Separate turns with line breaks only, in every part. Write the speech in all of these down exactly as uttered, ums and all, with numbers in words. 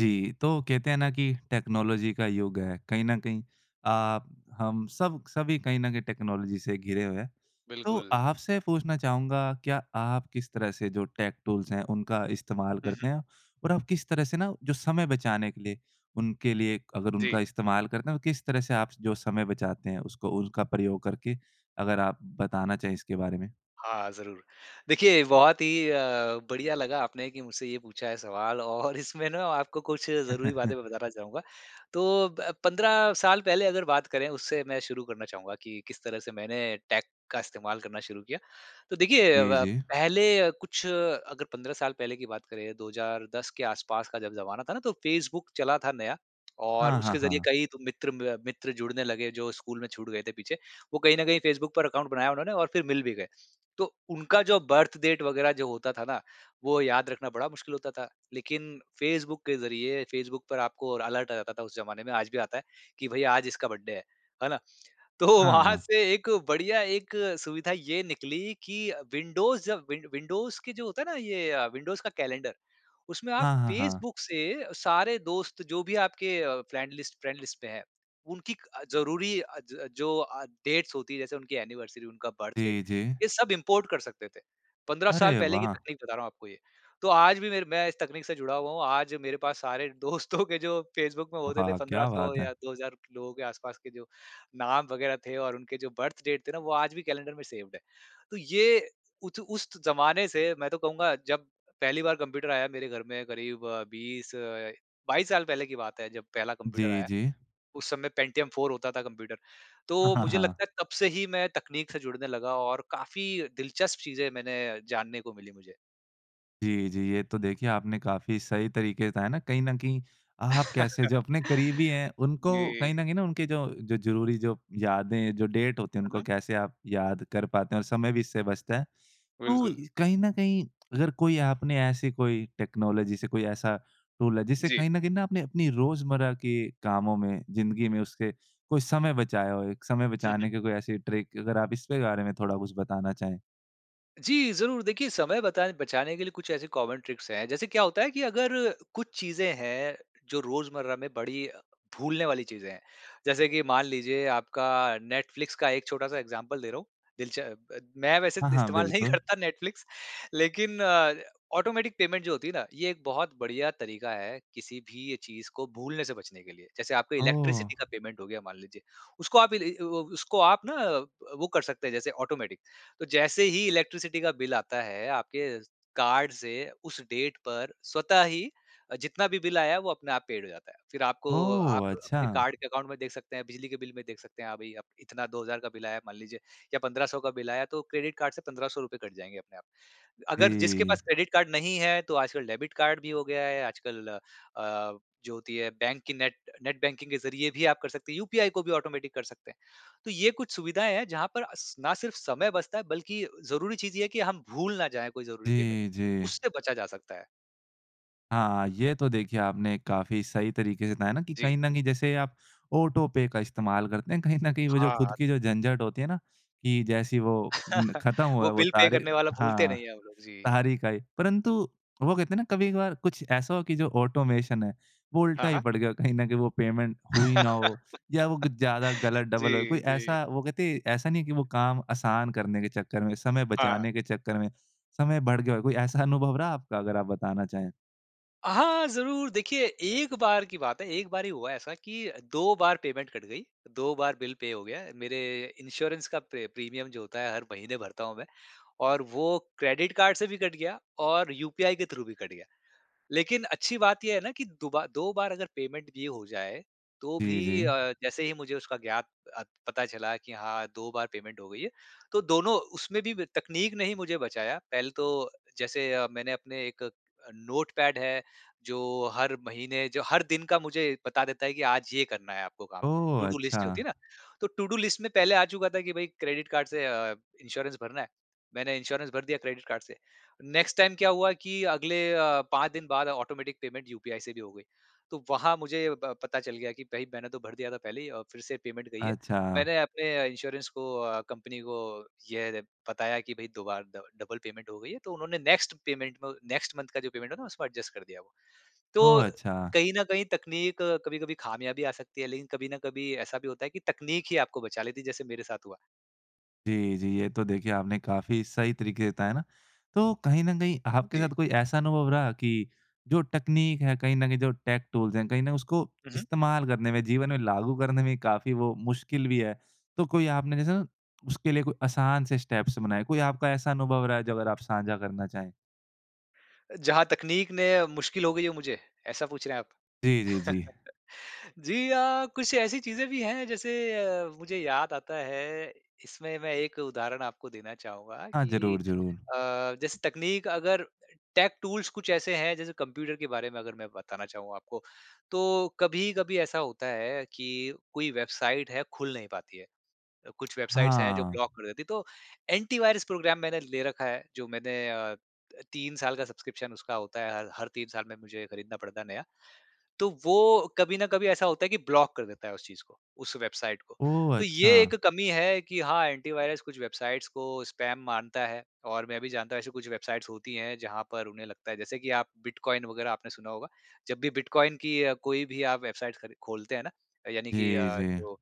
जी, तो कहते हैं ना कि टेक्नोलॉजी का युग है। कहीं न कहीं आप, हम, सब क सभी कहीं न कहीं टेक्नोलॉजी से घिरे हुए हैं। तो
बिल्कुल।
आपसे पूछना चाहूँगा, क्या आप किस तरह से जो टेक टूल्स हैं, उनका इस्तेमाल
हुँ, हुँ।
करते हैं? और आप किस तरह से ना, जो समय बचाने के लिए, उनके लिए एक अगर
जी।
उनका इस्तेमाल करते हैं, तो किस तरह से आप स जो समय बचाते हैं, उसको उनका प्रयोग करके? अगर आप बताना चाहें इसके बारे में।
हाँ, ज़रूर। देखिए, बहुत ही अ, बढ़िया लगा, आपने कि मुझसे ये पूछा है सवाल और इसमें ना आपको कुछ ज़रूरी बातें मैं बताना चाहूँगा। तो ब पंद्रह साल पहले अगर बात करें, उससे मैं शुरू करना चाहूँगा कि किस तरह से मैंने टेक का इस्तेमाल करना शुरू किया। तो देखिए अ,
जी,
व
जी।
पहले अ, कुछ अगर पंद्रह साल पहले की बात करें, दो हज़ार दस के आस-पास का जब ज़माना था ना, तो फेसबुक चला था नया और
हाँ, हाँ,
उसके ज़रिए
हाँ।
कई तो मित्र म मित्र जुड़ने लगे, जो स्कूल में छूट गए थे पीछे। वो कहीं न कहीं फेसबुक पर अकाउंट बनाया उन्होंने और फिर मिल भी गए। तो उनका जो बर्थ डेट वगैरह जो होता था ना, वो याद रखना बड़ा मुश्किल होता था। लेकिन फेसबुक के ज़रिए फेसबुक पर आपको र अलर्ट आ जाता था उस ज़माने में, आज भी आता है कि भई, आज इसका बर्थडे है। है ना? तो
हाँ,
वहाँ
हाँ।
से एक बढ़िया एक सुविधा ये निकली कि विंडोज़ जब विं विंडोज़ के जो होता है ना, ये विंडोज़ का कैलेंडर, उसमें आप
हाँ, हाँ, हाँ।
फेसबुक से सारे दोस्त, जो भी आपके अ, फ्रेंड लिस्ट फ्रेंड लिस्ट पे हैं, उनकी क अ, ज़रूरी अ, ज अ, जो अ, डेट्स होती हैं, जैसे उनकी एनिवर्सरी, उनका बर्थ डेट,
जी, जी।
ये सब इम्पोर्ट कर सकते थे। पंद्रह साल
अरे
पहले की
वाह!
तकनीक बता रहा हूँ आपको ये। तो आज भी मेरे मैं इस तकनीक से जुड़ा हुआ हूँ। आज मेरे पास सारे दोस्तों के जो फेसबुक में होते थे,
वाह!
पंद्रह
क्या
सौ
बात है!
या दो हज़ार लोगों के आस-पास के जो नाम वगैरह थे और उनके जो बर्थ डेट थे ना, वो आज भी कैलेंडर में सेव्ड है। तो ये उत उस त ज़माने से, मैं तो कहूँगा, जब पहली बार कम्प्यूटर आया मेरे घर में, क़रीब बीस, बाईस साल पहले की बात है, जब पहला कम्प्यूटर
जी,
आया।
जी।
उस समय पेंटियम फोर होता था कम्प्यूटर।
हाँ,
तो
हाँ,
मुझे
हाँ।
लगता है, तब से ही मैं तकनीक से जुड़ने लगा और काफ़ी दिलचस्प चीज़ें मैंने जानने को मिली मुझे।
जी, जी, ये तो देखिए, आपने काफ़ी सही तरीके से बताया ना, कहीं न कहीं आप कैसे जो अपने करीबी हैं, उनको
जी।
कहीं न कहीं ना, उनके जो ज़रुरी जो यादें, जो डेट होती हैं,
हुँ,
उनको
हुँ।
कैसे आप याद कर पाते हैं और समय भी इससे बचता है। तो
बिल्कुल।
कहीं न कहीं, अगर कोई आपने ऐसी कोई टेक्नोलॉजी से कोई ऐसा रूल है, जिससे
जी।
कहीं न कहीं ना आपने अपनी रोज़मर्रा के कामों में, ज़िंदगी में उससे कोई समय बचाया हो, एक समय
हुँ, हुँ।
बचाने की कोई ऐसी ट्रिक? अगर आप इसके बारे में थोड़ा कुछ बताना चाहें।
जी, ज़रूर। देखिए, समय बता बचाने के लिए कुछ ऐसे कॉमन ट्रिक्स हैं। जैसे क्या होता है कि अगर कुछ चीज़ें हैं, जो रोज़मर्रा में बड़ी भूलने वाली चीज़ें हैं। जैसे कि मान लीजिए, आपका नेटफ्लिक्स का एक छोटा-सा ऐग्ज़ाम्पल दे रहा हूँ दिलच ब मैं वैसे
हाँ, हाँ,
इस्तेमाल नहीं
बिल्कुल।
करता नेटफ्लिक्स। लेकिन अ, ऑटोमेटिक पेमेंट जो होती है ना, ये एक बहुत बढ़िया तरीका है, किसी भी चीज़ को भूलने से बचने के लिए। जैसे आपका
ओह!
इलेक्ट्रिसिटी का पेमेंट हो गया, मान लीजिए। उसको आप इ ली अ अ, उसको आप ना प वो कर सकते हैं, जैसे ऑटोमेटिक। तो जैसे ही इलेक्ट्रिसिटी का बिल आता है, आपके कार्ड से, उस डेट पर स्वतः ही अ, जितना भी बिल आया है, वो अपने आप पेड हो जाता है। फिर आपको आप
ओह!
अपने
अच्छा।
कार्ड के अकाउंट में देख सकते हैं, बिजली के बिल में देख सकते हैं, हाँ, भई, अब इतना दो हज़ार का बिल आया, मान लीजिए या पंद्रह सौ का बिल आया, तो क्रेडिट कार्ड से पंद्रह सौ रुपए कट जाएँगे अपने आप। अगर जिसके
जी।
पास क्रेडिट कार्ड नहीं है, तो आजकल डेबिट कार्ड भी हो गया है, आजकल अ, जो होती है, बैंक की नेट नेट बैंकिंग के ज़रिए भी आप कर सकते हैं। यूपीआई को भी ऑटोमेटिक कर सकते हैं। तो ये कुछ सुविधाएँ हैं, जहाँ पर अस ना सिर्फ़ समय बचता है, बल्कि ज़रूरी चीज़ ये है कि हम भूल ना जाएँ कोई ज़रुरी पेमेंट।
जी, जी।
उससे बचा जा सकता है।
हाँ ये तो देखिए आपने काफ़ी सही तरीक़े से बताया ना कि
जी।
कहीं न कहीं जैसे आप ऑटो पे का इस्तेमाल करते हैं। कहीं न कहीं वो जो ख़ुद
हाँ।
की जो झंझट होती है ना कि जैसे वो न ख़त्म हुआ
वो
है वो
बिल पे
तारीख
करने वाला भूलते
हाँ
नहीं है हम लोग जी।
तारीख आई। परंतु वो कहते है ना कभी-कभार कुछ ऐसा हो कि जो ऑटोमेशन है वो
हाँ,
उल्टा ही
हाँ।
पड़ गया कहीं न कहीं वो पेमेंट हुई ना हो या वो कुछ ज़्यादा गलत डबल हो।
जी,
कोई
जी।
ऐसा वो कहते हैं ऐसा नहीं है कि वो काम आसान करने के चक्कर में समय
हाँ।
बचाने के चक्कर में, समय बढ़ गया हो कोई ऐसा अनुभव रहा आपका अगर आप बताना चाहें?
हाँ ज़रूर देखिए एक बार की बात है एक बार ही हुआ ऐसा कि दो बार पेमेंट कट गई दो बार बिल पे हो गया मेरे इंश्योरेंस का प्रे प्रीमियम जो होता है हर महीने भरता हूँ मैं और वो क्रेडिट कार्ड से भी कट गया और यूपीआई के थ्रू भी कट गया। लेकिन अच्छी बात ये है ना कि दुबा दो बार अगर पेमेंट भी हो जाए, तो
जी,
भी
जी।
अ, जैसे ही मुझे उसका ज्ञात अत पता चला कि हाँ दो बार पेमेंट हो गई है, तो दोनों उसमें भी ब तकनीक ने ही मुझे बचाया। पहले तो जैसे अ, मैंने अपने एक नोटपैड है जो हर महीने जो हर दिन का मुझे बता देता है कि आज ये करना है आपको काम
ओह!
टू डू लिस्ट जो होती
अच्छा।
है ना। तो टू डू लिस्ट में पहले आ चुका था कि भई क्रेडिट कार्ड से अ, इंश्योरेंस भरना है। मैंने इंश्योरेंस भर दिया क्रेडिट कार्ड से। नेक्स्ट टाइम क्या हुआ कि अगले अ, पाँच दिन बाद ऑटोमैटिक पेमेंट यूपीआई से भी हो गई। तो वहाँ मुझे ब पता चल गया कि भई मैंने तो भर दिया था पहले ही और फ़िर से पेमेंट गयी है।
अच्छा।
मैंने अपने इंश्योरेंस को अ, कंपनी को यह बताया कि भई दो बार डब डबल पेमेंट हो गई है। तो उन्होंने नेक्स्ट पेमेंट में नेक्स्ट मंथ का जो पेमेंट है ना उसमें एडजस्ट कर दिया वो। तो
ओह! अच्छा।
कहीं न कहीं तकनीक कभी-कभी खामियाँ भी आ सकती है लेकिन कभी ना कभी ऐसा भी होता है कि तकनीक ही आपको बचा लेती है जैसे मेरे साथ हुआ।
जी, जी। ये तो देखिए, आपने काफ़ी सही तरीके बताया ना। तो कहीं न कहीं आपके
जी।
साथ कोई ऐसा अनुभव रहा कि जो टकनीक है, कहीं न कहीं जो टेक टूल्स हैं, कहीं न उसको
हुँ, हुँ।
इस्तेमाल करने में, जीवन में लागू करने में ही काफ़ी वो मुश्किल भी है। तो कोई आपने जैसे ना, उसके लिए कोई असान से स्टेप्स बनाए, कोई आपका ऐसा अनुभव रहा है, जो अगर आप साझा करना चाहें?
जहाँ तकनीक ने मुश्किल हो गई है मुझे, ऐसा पूछ रहे हैं आप?
जी, जी, जी।
जी अ, कुछ ऐसी चीज़ें भी हैं, जैसे अ, मुझे याद आता है, इसमें मैं एक उदाहरण आपको देना चाहूँगा,
हाँ।
कि
ज़रूर, ज़रूर।
अ, जैसे तकनीक अगर टेक टूल्स कुछ ऐसे हैं, जैसे कम्प्यूटर के बारे में अगर मैं बताना चाहूँ आपको, तो कभी-कभी ऐसा होता है कि कोई वेबसाइट है, खुल नहीं पाती है। कुछ वेबसाइट्स हैं, जो
हाँ।
ब्लॉक कर देती हैं, तो एंटी वायरस प्रोग्राम मैंने ले रखा है, जो मैंने अ, त तीन साल का सब्सक्रिप्शन उसका होता है, हर हर तीन साल में मुझे खरीदना पड़ता है, नया। तो वो कभी न कभी ऐसा होता है कि ब्लॉक कर देता है उस चीज़ को, उस वेबसाइट को।
ओह!
तो ये
अच्छा।
एक कमी है कि हाँ, एंटी वायरस कुछ वेबसाइट्स को स्पैम मानता है और मैं भी जानता हूँ, ऐसी कुछ वेबसाइट्स होती हैं, जहाँ पर उन्हें लगता है जैसे कि आप बिटकॉइन वगैरह आपने सुना होगा। जब भी बिटकॉइन की कोई भी आप वेबसाइट खरी खोलते हैं ना, यानी कि
जी,
अ,
जी।
जो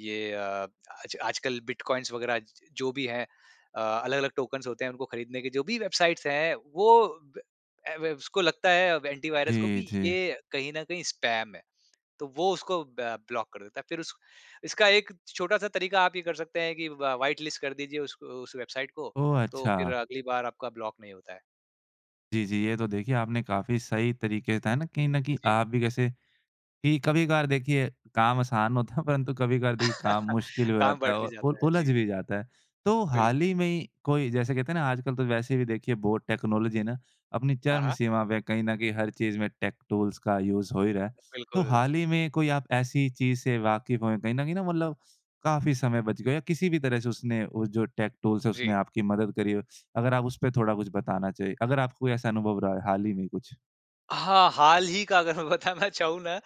ये अ, आज आजकल बिटकॉइन्स वग़ैरह ज जो भी हैं। अ, अलग-अलग टोकन्स होते हैं, उनको खरीदने के, जो भी वेबसाइट्स हैं, वो ब ऐ वेव उसको लगता है अब एंटी वायरस को कि
जी, जी।
ये कहीं न कहीं स्पैम है। तो वो उसको ब ब्लॉक कर देता है। फ़िर उस इसका एक छोटा-सा तरीका आप ये कर सकते हैं कि व व्हाइट लिस्ट कर दीजिए उसक उस वेबसाइट को,
ओह!
तो फ़िर
अच्छा।
अगली बार आपका ब्लॉक नहीं होता है।
जी, जी ये तो देखिए आपने काफ़ी सही तरीके बताए न, कहीं न कहीं
जी।
आप भी जैसे कि कभी-कभार देखिए काम आसान होता है परंतु कभी-कभार देखिए काम मुश्किल हो
काम
जाता है
बँट भी
और उल
जाता है।
उलझ
जी।
भी जाता है। तो हाल
बिल्कुल।
ही में ही कोई जैसे कहते हैं न आजकल तो वैसे भी देखिए बहुत टेक्नोलॉजी है न अपनी
हाँ,
चरम
हाँ।
सीमा पे है, कहीं न कहीं हर चीज़ में टेक टूल्स का यूज़ हो ही रहा है। तो
बिल्कुल।
हाल ही में कोई आप ऐसी चीज़ से वाक़िफ़ हो कहीं न कहीं न मतलब काफ़ी समय बच गया हो, किसी भी तरह से उसने वो जो टेक टूल्स है
जी।
उसने आपकी मदद करी हो? अगर आप उसपे थोड़ा कुछ बताना चाहें अगर आपको कोई ऐसा अनुभव रहा है हाल ही में कुछ?
हाँ हाल ही का अगर मैं बताना चाहूँ न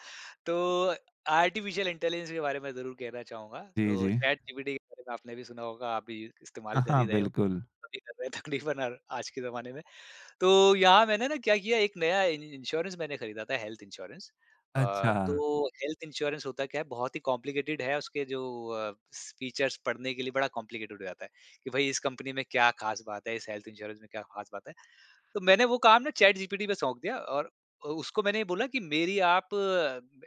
तो आर्टिफिशियल इंटेलिजेंस के बारे में ज़रूर कहना चाहूँगा।
जी,
तो
जी।
चैटजीपीटी के बारे में आपने भी सुना होगा आप भी
हाँ,
इस्तेमाल कर
हाँ
ही रहे होंगे,
बिल्कुल।
सभी कर रहे हैं तकरीबन और आज के ज़माने में। तो यहाँ मैंने न क्या किया एक नया इ इंश्योरेंस मैंने खरीदा था हेल्थ इंश्योरेंस। अ
अच्छा।
तो हेल्थ इंश्योरेंस होता क्या है बहुत ही कॉम्प्लिकेटेड है उसके जो अ फीचर्स पढ़ने के लिए बड़ा कॉम्प्लिकेटेड हो जाता है कि भई इस कंपनी में क्या ख़ास बात है, इस हेल्थ इंश्योरेंस में क्या ख़ास बात है? तो मैंने वो काम न चैटजीपीटी पे सौंप दिया और उसको मैंने ये बोला कि मेरी आप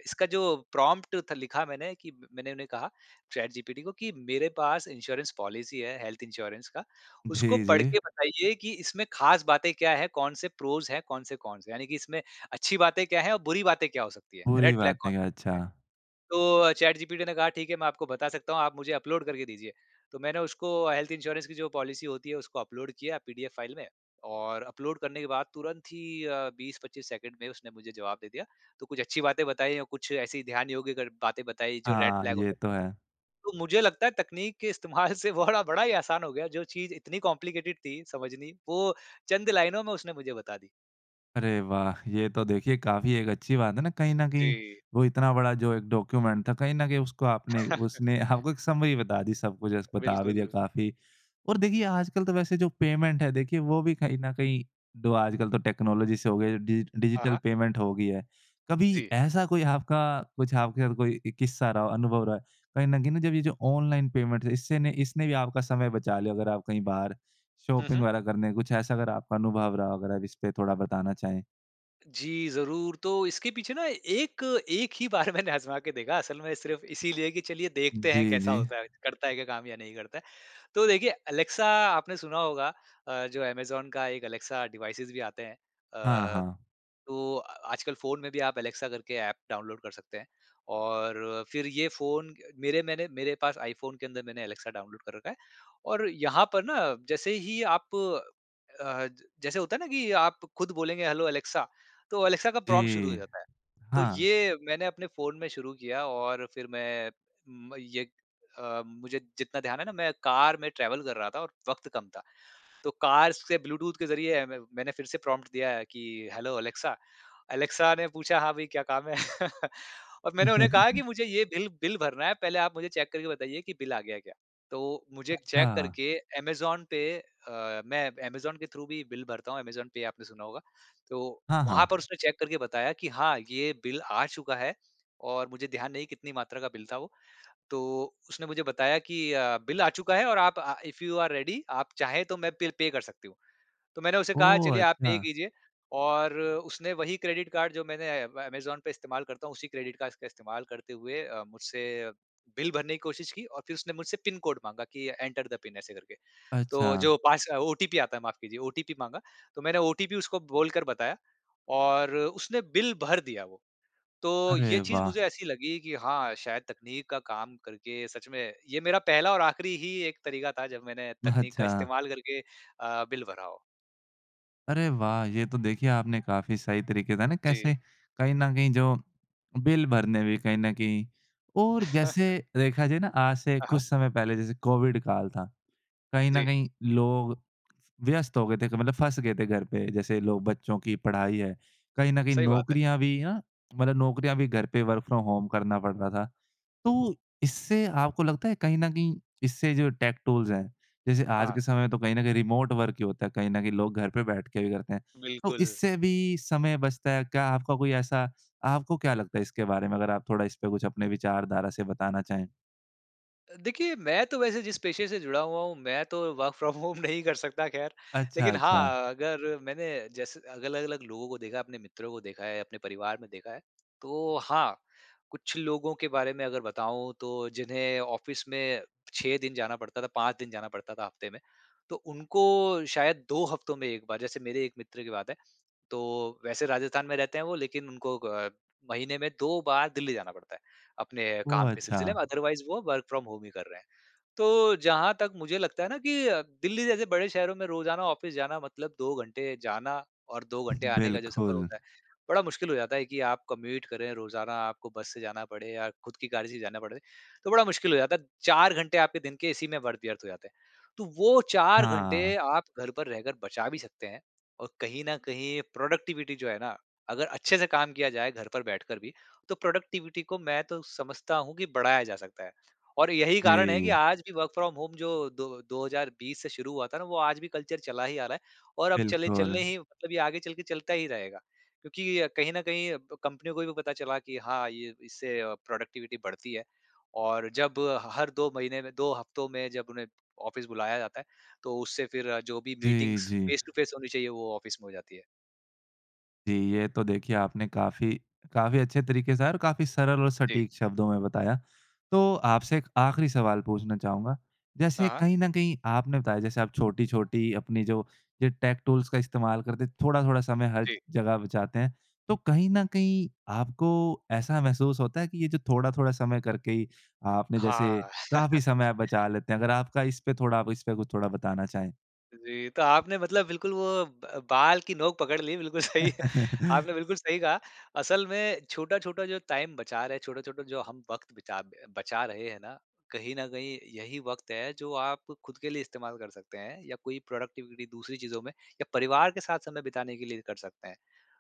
इसका जो प्रॉम्प्ट थ लिखा मैंने कि मैंने उन्हें कहा चैटजीपीटी को कि मेरे पास इंश्योरेंस पॉलिसी है हेल्थ इंश्योरेंस का। उसको
जी,
पढ़
जी।
के बताइए कि इसमें ख़ास बातें क्या है, कौन-से प्रोज़ है, कौन-से कॉन्स हैं? यानि कि इसमें अच्छी बातें क्या हैं और बुरी बातें क्या हो सकती हैं?
बुरी
रेड फ्लैग
बातें
कौन-कौन से हैं।
अच्छा।
तो चैटजीपीटी ने कहा ठीक है मैं आपको बता सकता हूँ, आप मुझे अपलोड करके दीजिए। तो मैंने उसको हेल्थ इंश्योरेंस की जो पॉलिसी होती है उसको अपलोड किया पीडीएफ फाइल में और अपलोड करने के बाद तुरंत ही अ बीस पच्चीस सेकंड में उसने मुझे जवाब दे दिया। तो कुछ अच्छी बातें बताई और कुछ ऐसी ध्यान योग्य कर बातें बताई जो रेड
हाँ
फ्लैग हो
ये
सकती
तो
हैं।
है।
तो मुझे लगता है तकनीक के इस्तेमाल से बड़ा बड़ा ही आसान हो गया जो चीज़ इतनी कॉम्प्लिकेटेड थी समझनी, वो चंद लाइनों में उसने मुझे बता दी।
अरे वाह! ये तो देखिए काफ़ी एक अच्छी बात है ना, कहीं न कहीं
जी।
वो इतना बड़ा जो एक डॉक्यूमेंट था, कहीं न कहीं उसको आपने उसने आपको एक समरी बता दी सब कुछ ऐसे बता भी
बिल्कुल,
दिया
बिल
काफ़ी। और देखिए आजकल तो वैसे जो पेमेंट है देखिए वो भी कहीं न कहीं डो आजकल तो टेक्नोलॉजी से हो गया डिजिट
हाँ,
डिजिटल
हाँ।
पेमेंट हो गई है। कभी
जी।
ऐसा कोई आपका कुछ आपके साथ कोई एक किस्सा रहा हो अनुभव रहा है। कहीं न कहीं न जब ये जो ऑनलाइन पेमेंट है इससे इसने भी आपका समय बचा लिया हो अगर आप कहीं बाहर
हुँ,
शॉपिंग
हुँ।
वगैरह करने कुछ ऐसा अगर आपका अनुभव रहा हो। अगर अब इस पे थोड़ा बताना चाहें।
जी ज़रूर। तो इसके पीछे ना एक एक ही बार मैंने आज़मा के देखा। असल में सिर्फ़ इसीलिए कि चलिए देखते हैं
जी,
कैसा
जी।
होता है, करता है क्या काम या नहीं करता है। तो देखिए एलेक्सा आपने सुना होगा अ, जो अमेज़न का एक एलेक्सा डिवाइसेज़ भी आते हैं।
हाँ,
अ,
हाँ।
तो अ आजकल फ़ोन में भी आप एलेक्सा करके एप डाउनलोड कर सकते हैं। और फिर ये फ़ोन मेरे मैंने मेरे पास iPhone के अंदर मैंने एलेक्सा डाउनलोड कर रखा है। और यहाँ पर ना जैसे ही आप अ, जैसे होता है ना कि आप खुद बोलेंगे हेलो एलेक्सा। तो एलेक्सा का प्रॉम्प्ट शुरू हो
जी।
जाता है। तो
हाँ।
ये मैंने अपने फ़ोन में शुरू किया और फिर मैं म येक अ, मुझे जितना ध्यान है ना मैं कार में ट्रैवल कर रहा था और वक्त कम था। तो कार से ब्लूटूथ के ज़रिए म मैंने फिर से प्रॉम्प्ट दिया है कि हेलो एलेक्सा, एलेक्सा ने पूछा "हाँ भाई क्या काम है?" और मैंने उन्हें कहा कि मुझे ये बिल बिल भरना है। पहले आप मुझे चेक करके बताइए कि बिल आ गया क्या? तो मुझे चेक
अच्छा।
करके अमेज़न पे अ, मैं अमेज़न के थ्रू भी बिल भरता हूँ अमेज़न पे आपने सुना होगा, तो
हाँ,
वहाँ पर
हाँ।
उसने चेक करके बताया कि "हाँ, ये बिल आ चुका है" और मुझे ध्यान नहीं कितनी मात्रा का बिल था वो। तो उसने मुझे बताया कि अ, बिल आ चुका है और आप अ, इफ यू आर रेडी आप चाहे तो मैं बिल पे कर सकती हूँ। तो मैंने उसे कहा
ओह!
चलिए आप पे
अच्छा।
कीजिए और उसने वही क्रेडिट कार्ड जो मैंने अमेज़न पे इस्तेमाल करता हूँ उसी क्रेडिट कास का इस्तेमाल करते हुए अ, मुझसे बिल भरने की कोशिश की और फिर उसने मुझसे पिन कोड माँगा कि एंटर द पिन ऐसे करके। तो
अच्छा।
जो पास ओटीपी आता है माफ़ कीजिए ओटीपी माँगा। तो मैंने ओटीपी उसको बोलकर बताया और उसने बिल भर दिया वो। तो ये
अरे
चीज़
वाह!
मुझे ऐसी लगी कि हाँ, शायद तकनीक का काम करके सच में ये मेरा पहला और आख़िरी ही एक तरीका था जब मैंने तकनीक का
अच्छा।
इस्तेमाल करके अ, बिल भरा हो।
अरे वाह! ये तो देखिए आपने काफ़ी सही तरीक़े बताया न
जी।
कैसे कहीं न कहीं जो, बिल भरने भी कहीं न कहीं और जैसे देखा जाए ना आज से
हाँ, हाँ।
कुछ समय पहले जैसे कोविड काल था, कहीं न
जी।
कहीं लोग व्यस्त हो गए थे। क मतलब फँस गए थे घर पे। जैसे लोग बच्चों की पढ़ाई है। कहीं न कहीं
सही बात है।
नौकरियाँ भी ना मतलब नौकरियाँ भी घर पे वर्क फ़्रॉम होम करना पड़ता था। तो इससे आपको लगता है कहीं न कहीं इससे जो टेक टूल्स हैं जैसे आज के
हाँ।
समय में तो कहीं न कहीं रिमोट वर्क ही होता है। कहीं न कहीं लोग घर पे बैठ के भी करते हैं। तो
बिल्कुल।
इससे भी समय बचता है, क्या आपका कोई ऐसा? आपको क्या लगता है इसके बारे में? अगर आप थोड़ा इसपे कुछ अपने विचारधारा से बताना चाहें।
अ, देखिए मैं तो वैसे जिस पेशे से जुड़ा हुआ हूँ मैं तो वर्क फ़्रॉम होम नहीं कर सकता ख़ैर।
अच्छा,
लेकिन
अच्छा।
हाँ, अगर मैंने जैसे अलग-अलग लोगों को देखा है, अपने मित्रों को देखा है, अपने परिवार में देखा है। तो हाँ, कुछ लोगों के बारे में अगर बताऊँ तो जिन्हें ऑफ़िस में छह दिन जाना पड़ता था, पाँच दिन जाना पड़ता था हफ़्ते में तो उनको शायद दो हफ़्तों में एक बार। जैसे मेरे एक मित्र की बात है, तो वैसे राजस्थान में रहते हैं वो लेकिन उनको ग अ, महीने में दो बार दिल्ली जाना पड़ता है अपने काम
ओह!
के सिलसिले
अच्छा।
में। अदरवाइज़ वो वर्क फ़्रॉम होम ही कर रहे हैं। तो जहाँ तक मुझे लगता है ना कि अ, दिल्ली जैसे बड़े शहरों में रोज़ाना ऑफ़िस जाना मतलब दो घंटे जाना और दो घंटे आने का जो सफ़र
बिल्कुल।
होता है, बड़ा मुश्किल हो जाता है कि आप कम्यूट करें रोज़ाना आपको बस से जाना पड़े या ख़ुद की गाड़ी से ही जाना पड़े। तो बड़ा मुश्किल हो जाता है। चार घंटे आपके दिन के इसी में वर्थ व्यर्थ हो जाते हैं। तो वो चार घंटे
हाँ।
आप घर पर रहकर बचा भी सकते हैं और कहीं न कहीं ये प्रोडक्टिविटी जो है ना, अगर अच्छे से काम किया जाए घर पर बैठकर भी तो प्रोडक्टिविटी को मैं तो समझता हूँ कि बढ़ाया जा सकता है। और यही कारण है कि
जी।
आज भी वर्क फ़्रॉम होम जो दो दो हज़ार बीस से शुरू हुआ था ना वो आज भी कल्चर चला ही आ रहा है और अब चले
बिल्कुल।
चलने ही मतलब ये आगे चलके चलता ही रहेगा। क्योंकि अ, कहीं न कहीं ब कंपनियों को भी पता चला कि हाँ, ये इससे प्रोडक्टिविटी बढ़ती है और जब ह हर दो महीने में दो हफ़्तों में जब उन्हें ऑफ़िस बुलाया जाता है तो उससे फ़िर अ, जो भी
जी,
मीटिंग्स
जी।
फ़ेस टू फ़ेस होनी चाहिए वो ऑफ़िस में हो जाती है।
जी, ये तो देखिए आपने काफ़ी काफ़ी अच्छे तरीके से और काफ़ी सरल और
जी।
सटीक शब्दों में बताया। तो आपसे एक आख़िरी सवाल पूछना चाहूँगा। जैसे
हाँ।
कहीं न कहीं आपने बताया जैसे आप छोटी-छोटी अपनी जो, जो टेक टूल्स का इस्तेमाल करते हैं थोड़ा-थोड़ा समय हर
जी।
जगह बचाते हैं। तो कहीं न कहीं आपको ऐसा महसूस होता है कि ये जो थोड़ा-थोड़ा समय करके ही आपने
हाँ।
जैसे काफ़ी समय आप बचा लेते हैं। अगर आपका इसपे थोड़ा इसपे कुछ थोड़ा बताना चाहें?
जी। तो आपने मतलब बिल्कुल वो ब अ, बाल की नोंक पकड़ ली बिल्कुल सही। आपने बिल्कुल सही कहा। असल में छोटा-छोटा जो टाइम बचा रहे है, छोटा-छोटा जो हम वक़्त बचा ब बचा रहे हैं ना, कहीं न कहीं यही वक़्त है जो आप खुद के लिए इस्तेमाल कर सकते हैं। या कोई प्रोडक्टिविटी दूसरी चीज़ों में या परिवार के साथ समय बिताने के लिए कर सकते हैं।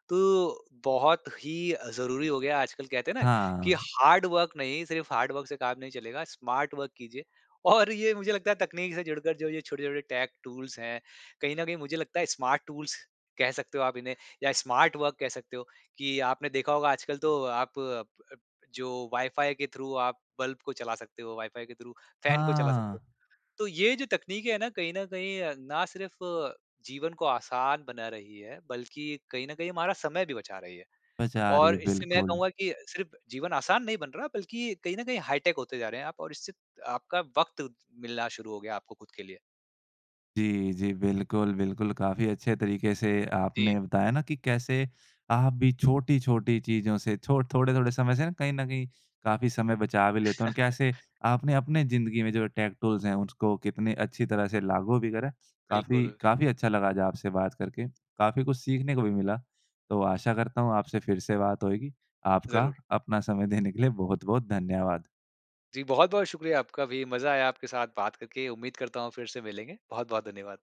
तो बहुत ही अ, ज़रूरी हो गया आजकल कहते हैं ना कि
हाँ।
हार्ड वर्क नहीं सिर्फ हार्ड वर्क से काम नहीं चलेगा स्मार्ट वर्क कीजिए। और ये मुझे लगता है तकनीक से जुड़कर जो ये छोटे-छोटे टेक टूल्स हैं। कहीं न कहीं मुझे लगता है स्मार्ट टूल्स कह सकते हो आप इन्हें या स्मार्ट वर्क कह सकते हो कि आपने देखा होगा आजकल तो आप प अप जो वाइफाई के थ्रू आप बल्ब को चला सकते हो वाइफाई के थ्रू फैन को चला सकते हो।
हाँ।
तो ये जो तकनीकें है ना कहीं न कहीं अ, ना सिर्फ जीवन को आसान बना रही है बल्कि कहीं न कहीं हमारा समय भी बचा रही है।
बचा रही
और
है,
इससे मैं
बिल्कुल।
कहूँगा कि सिर्फ जीवन आसान नहीं बन रहा बल्कि कहीं न कहीं हाईटेक होते जा रहे हैं आप और इससे आपका वक़्त उद मिलना शुरू हो गया आपके खुद के लिए।
जी, जी। बिल्कुल, बिल्कुल। काफ़ी अच्छे तरीके से
जी।
आपने बताया ना कि कैसे आप भी छोटी-छोटी चीज़ों से छो थोड़े समय से कहीं न कहीं काफ़ी समय बचा भी लेते हैं और कैसे आपने अपने ज़िन्दगी में जो टेक टूल्स हैं उसको कितने अच्छी तरह से लागू भी करा है। काफ़ी,
बिल्कुल।
काफ़ी अच्छा लगा आपसे बात करके, काफ़ी कुछ सीखने को भी मिला तो आशा करता हूँ आपसे फिर से बात होएगी आपका
ज़रूर।
अपना समय देने के लिए बहुत-बहुत धन्यवाद।
जी, बहुत-बहुत शुक्रिया आपका भी मज़ा आया आपके साथ बात करके उम्मीद करता हूँ फिर से मिलेंगे। बहुत-बहुत धन्यवाद।